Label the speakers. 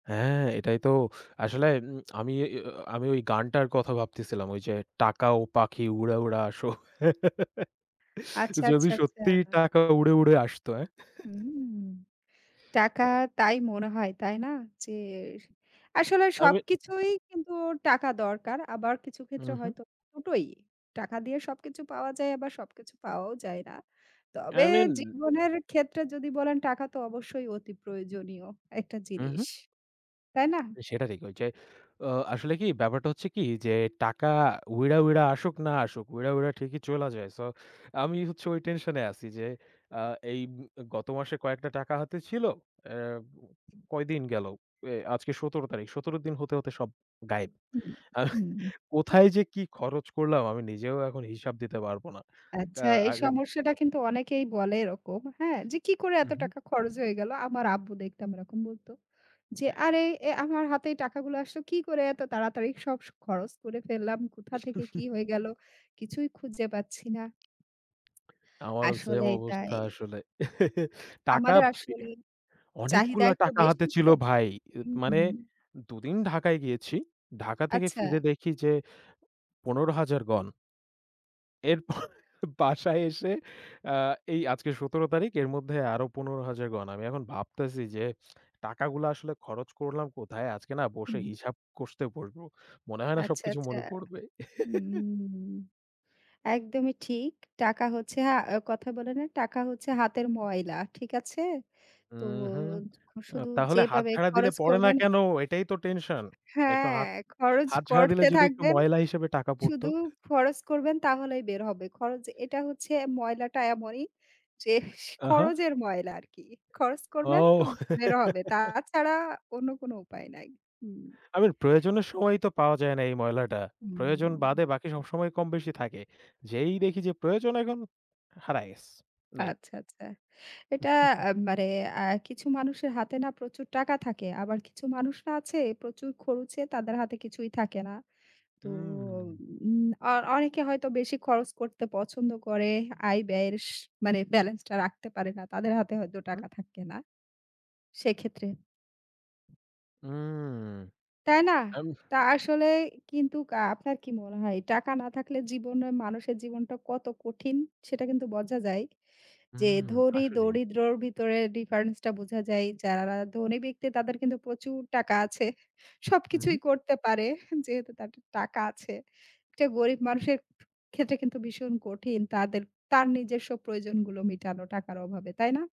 Speaker 1: হ্যাঁ, এটাই তো আসলে উম আমি আ আ আমি ওই গানটার কথা ভাবতেছিলাম। ওই যে, টাকা ও পাখি উড়ে, উড়ে আসো।
Speaker 2: আচ্ছা,
Speaker 1: যদি
Speaker 2: আচ্ছা, আচ্ছা।
Speaker 1: সত্যিই টাকা উড়ে, উড়ে আসতো, হ্যাঁ?
Speaker 2: হুম। টাকা তাই মনে হয়, তাই না? যে, আসলে
Speaker 1: আমি।
Speaker 2: সবকিছুই কিন্তু টাকা দরকার। আবার কিছু
Speaker 1: হু,
Speaker 2: ক্ষেত্রে
Speaker 1: হুম।
Speaker 2: হয়তো ২ টোই। টাকা দিয়ে সবকিছু পাওয়া যায়, আবার সবকিছু পাওয়াও যায় না। তবে
Speaker 1: আই মিন
Speaker 2: জীবনের ক্ষেত্রে যদি বলেন, টাকা তো অবশ্যই অতি প্রয়োজনীয় একটা
Speaker 1: উহু।
Speaker 2: জিনিস। তাই না?
Speaker 1: সেটা ঠিক। ঐ যে, আ আসলে কি ব্যাপারটা হচ্ছে কি যে, টাকা উইড়া, উইড়া আসুক না আসুক, উইড়া, উইড়া ঠিকই চইলা যায়। সো আমি হচ্ছে ওই টেনশনে আছি, যে, আ এই গত মাসে কয়েকটা টাকা হাতে ছিল। আ কয়দিন গেলো। আ আজকে ১৭ তারিখ। ১৭ দিন হতে, হতে সব গায়েব।
Speaker 2: হু, হুম।
Speaker 1: কোথায় যে, কি খরচ করলাম, আমি নিজেও এখন হিসাব দিতে পারব না। ক্যা
Speaker 2: আচ্ছা, এই
Speaker 1: আগে
Speaker 2: সমস্যাটা কিন্তু অনেকেই বলে এরকম। হ্যাঁ? যে, কি করে,
Speaker 1: হু,
Speaker 2: এত
Speaker 1: হুম।
Speaker 2: টাকা খরচ হয়ে গেল। আমার আব্বু দেখতাম এরকম বলত। যে, আরে এ আমার হাতে টাকাগুলো আসলো, কি করে এত তাড়াতাড়ি সব স খরচ করে ফেললাম, কোথা থেকে কি হয়ে গেল। কিছুই খুঁজে পাচ্ছি না।
Speaker 1: আমারও সেম
Speaker 2: আসলেই তাই।
Speaker 1: অবস্থা আসলে টাকা
Speaker 2: আমাদের আসলে চাহিদা
Speaker 1: অনেকগুলা
Speaker 2: একটু
Speaker 1: টাকা হাতে
Speaker 2: বেশি
Speaker 1: ছিল
Speaker 2: তো
Speaker 1: ভাই।
Speaker 2: হুম,
Speaker 1: মানে
Speaker 2: হুম।
Speaker 1: ২ দিন ঢাকায় গিয়েছি। ঢাকা থেকে
Speaker 2: আচ্ছা।
Speaker 1: ফিরে দেখি যে, ১৫,০০০ গন। এরপর বাসায় এসে আ এই আজকে ১৭ তারিখ এর মধ্যে আরো ১৫,০০০ গণ। আমি এখন ভাবতেছি যে, টাকাগুলো আসলে খরচ করলাম কোথায়? আজকে না বসে
Speaker 2: হুম।
Speaker 1: হিসাব কষতে বসব। মনে হয় না
Speaker 2: আচ্ছা,
Speaker 1: সবকিছু
Speaker 2: আচ্ছা
Speaker 1: মনে পড়বে।
Speaker 2: উম একদমই ঠিক। টাকা হচ্ছে আ কথা বলে না, টাকা হচ্ছে হাতের ময়লা। ঠিক আছে? তো
Speaker 1: উহু,
Speaker 2: শুধু
Speaker 1: তাহলে হাত
Speaker 2: যেভাবে
Speaker 1: ঝাড়া দিলে
Speaker 2: খরচ
Speaker 1: পড়ে না
Speaker 2: করবেন
Speaker 1: কেন? এটাই তো টেনশন। একটু
Speaker 2: হ্যাঁ।
Speaker 1: হাত,
Speaker 2: খরচ
Speaker 1: হাত ঝাড়া দিলে
Speaker 2: করতে
Speaker 1: যদি একটু
Speaker 2: থাকবেন।
Speaker 1: ময়লা হিসেবে টাকা পড়ত।
Speaker 2: শুধু খরচ করবেন তাহলেই বের হবে। খরচ যে, এটা হচ্ছে, ময়লাটা এমনই যে,
Speaker 1: আহা।
Speaker 2: খরচের ময়লা আরকি। খরচ করবেন তো
Speaker 1: ও!
Speaker 2: বের হবে। তা ছাড়া অন্য কোন উপায় নাই। হুম।
Speaker 1: আই মীন প্রয়োজনের সময় তো পাওয়া যায় না, এই ময়লাটা। প্রয়োজন
Speaker 2: হুম।
Speaker 1: বাদে বাকি সবসময় কমবেশি থাকে। যেই দেখি যে, প্রয়োজন এখন, হারায় গেছে। নাই।
Speaker 2: আচ্ছা, আচ্ছা। এটা মানে আ কিছু মানুষের হাতে না প্রচুর টাকা থাকে। আবার কিছু মানুষ না আছে প্রচুর খরুচে তাদের হাতে কিছুই থাকে না। তো
Speaker 1: উম।
Speaker 2: উম অ অনেকে হয়তো বেশি খরচ করতে পছন্দ করে। আয় ব্যয়ের স মানে বেলেন্স টা রাখতে পারে না। তাদের হাতে হয়তো
Speaker 1: হুম।
Speaker 2: টাকা থাকে না। সেক্ষেত্রে।
Speaker 1: উম
Speaker 2: তাই না?
Speaker 1: আম
Speaker 2: তা আসলে কিন্তু আ আপনার কি মনে হয়, টাকা না থাকলে জীবনে মানুষের জীবনটা কত কঠিন সেটা কিন্তু বোঝা যায়।
Speaker 1: হু,
Speaker 2: যে, ধনী
Speaker 1: আসলেই।
Speaker 2: দরিদ্রের ভিতরে ডিফারেন্স টা বোঝা যায়। যারা ধনী ব্যক্তি তাদের কিন্তু প্রচুর টাকা আছে।
Speaker 1: হু,
Speaker 2: সবকিছুই
Speaker 1: হুম,
Speaker 2: করতে পারে, যেহেতু তাদের টাকা আছে। এটা গরীব মানুষের ক্ষেত্রে কিন্তু ভীষণ, কঠিন তাদের তার নিজস্ব প্রয়োজনগুলো মিটানো টাকার অভাবে। তাই না?